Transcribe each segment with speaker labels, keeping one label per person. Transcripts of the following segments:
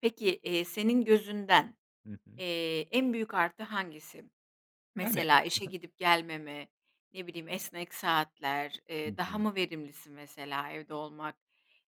Speaker 1: Peki, eee, senin gözünden,
Speaker 2: Hı hı.
Speaker 1: eee, en büyük artı hangisi?
Speaker 2: Yani.
Speaker 1: Mesela
Speaker 2: I
Speaker 1: işe
Speaker 2: hı.
Speaker 1: gidip gelmeme, ne bileyim, esnek saatler,
Speaker 2: Hı
Speaker 1: eee, daha
Speaker 2: hı.
Speaker 1: mı verimlisin? Mesela evde olmak,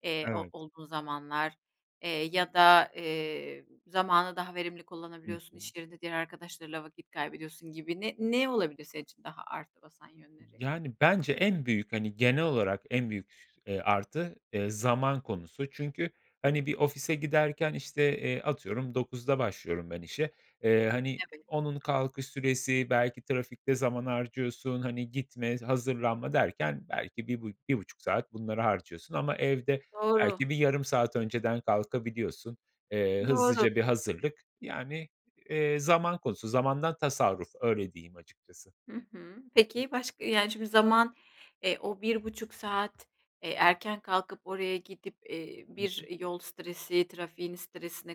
Speaker 1: eee, o o
Speaker 2: Evet.
Speaker 1: olduğun zamanlar, eee, ya da, eee, zamanı daha verimli
Speaker 2: Hı
Speaker 1: kullanabiliyorsun
Speaker 2: hı.
Speaker 1: i̇ş yerinde diğer arkadaşlarıyla vakit kaybediyorsun gibi ne ne olabilir senin için daha artı basan yönleri?
Speaker 2: Yani, bence en büyük, hani, genel olarak en büyük, eee, artı eee, zaman konusu. Çünkü, hani, bir ofise giderken, işte, eee, atıyorum 9'da başlıyorum ben işe. Eee, hani,
Speaker 1: Evet.
Speaker 2: onun kalkış süresi belki trafikte zaman harcıyorsun. Hani, gitme, hazırlanma derken belki bir bu 1.5 saat bunlara harcıyorsun ama evde
Speaker 1: Doğru.
Speaker 2: belki bir yarım saat önceden kalkabiliyorsun. Eee,
Speaker 1: Doğru.
Speaker 2: hızlıca bir hazırlık... Yani, eee, zaman konusu zamandan tasarruf öyle diyeyim açıkçası.
Speaker 1: Hı hı. Peki başka, yani, şimdi zaman, eee, o 1.30 saat, eee, erken kalkıp oraya gidip, eee,
Speaker 2: Hı hı.
Speaker 1: bir yol stresi trafiğin stresine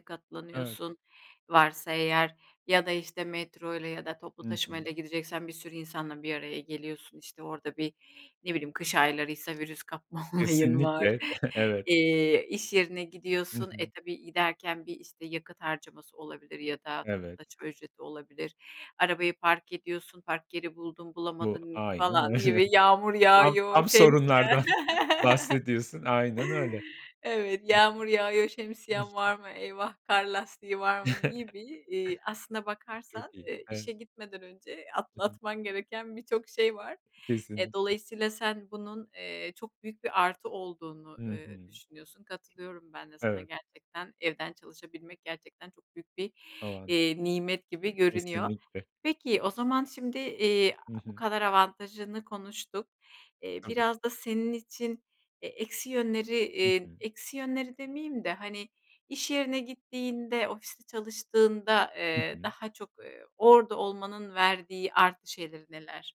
Speaker 2: Evet.
Speaker 1: katlanıyorsun -varsa eğer ya da işte metroyla ya da toplu
Speaker 2: Hı hı.
Speaker 1: taşımayla gideceksen bir sürü insanla bir araya geliyorsun. İşte, orada bir, ne bileyim, kış aylarıysa virüs kapma olayın var,
Speaker 2: Kesinlikle, e he, evet.
Speaker 1: eee, iş yerine
Speaker 2: Hı
Speaker 1: gidiyorsun. E
Speaker 2: hı.
Speaker 1: tabii giderken bir işte yakıt harcaması olabilir ya da toplu
Speaker 2: Evet.
Speaker 1: taşıma ücreti olabilir. Arabayı park ediyorsun. Park yeri buldun
Speaker 2: Bu
Speaker 1: bulamadın
Speaker 2: aynen
Speaker 1: falan
Speaker 2: öyle.
Speaker 1: gibi yağmur
Speaker 2: Tam
Speaker 1: yağıyor,
Speaker 2: tam
Speaker 1: şemsiyen.
Speaker 2: sorunlardan bahsediyorsun. Aynen öyle.
Speaker 1: Evet
Speaker 2: Hı hı.
Speaker 1: yağmur yağıyor,
Speaker 2: Hı hı,
Speaker 1: şemsiyen var mı? Eyvah kar lastiği var mı gibi, iii, aslına
Speaker 2: Çok
Speaker 1: bakarsan,
Speaker 2: iyi.
Speaker 1: eee,
Speaker 2: Evet.
Speaker 1: işe gitmeden önce
Speaker 2: I hı.
Speaker 1: atlatman gereken birçok şey var. Eee,
Speaker 2: Kesinlikle.
Speaker 1: dolayısıyla sen bunun, eee, çok büyük bir artı olduğunu,
Speaker 2: Hı
Speaker 1: eee,
Speaker 2: hı.
Speaker 1: düşünüyorsun. Katılıyorum ben de sana
Speaker 2: Evet.
Speaker 1: gerçekten evden çalışabilmek gerçekten çok büyük bir,
Speaker 2: O anda.
Speaker 1: eee, nimet gibi
Speaker 2: Hı,
Speaker 1: görünüyor.
Speaker 2: kesinlikle.
Speaker 1: Peki, o zaman şimdi, eee,
Speaker 2: Hı
Speaker 1: bu
Speaker 2: hı.
Speaker 1: kadar avantajını konuştuk. Eee,
Speaker 2: Tabii.
Speaker 1: biraz da senin için, eee, eksi yönleri,
Speaker 2: Hı
Speaker 1: eee,
Speaker 2: hı.
Speaker 1: eksi yönleri demeyeyim de, hani, iş yerine gittiğinde ofiste çalıştığında,
Speaker 2: Hı
Speaker 1: eee,
Speaker 2: hı.
Speaker 1: daha çok, eee, orada olmanın verdiği artı şeyler neler?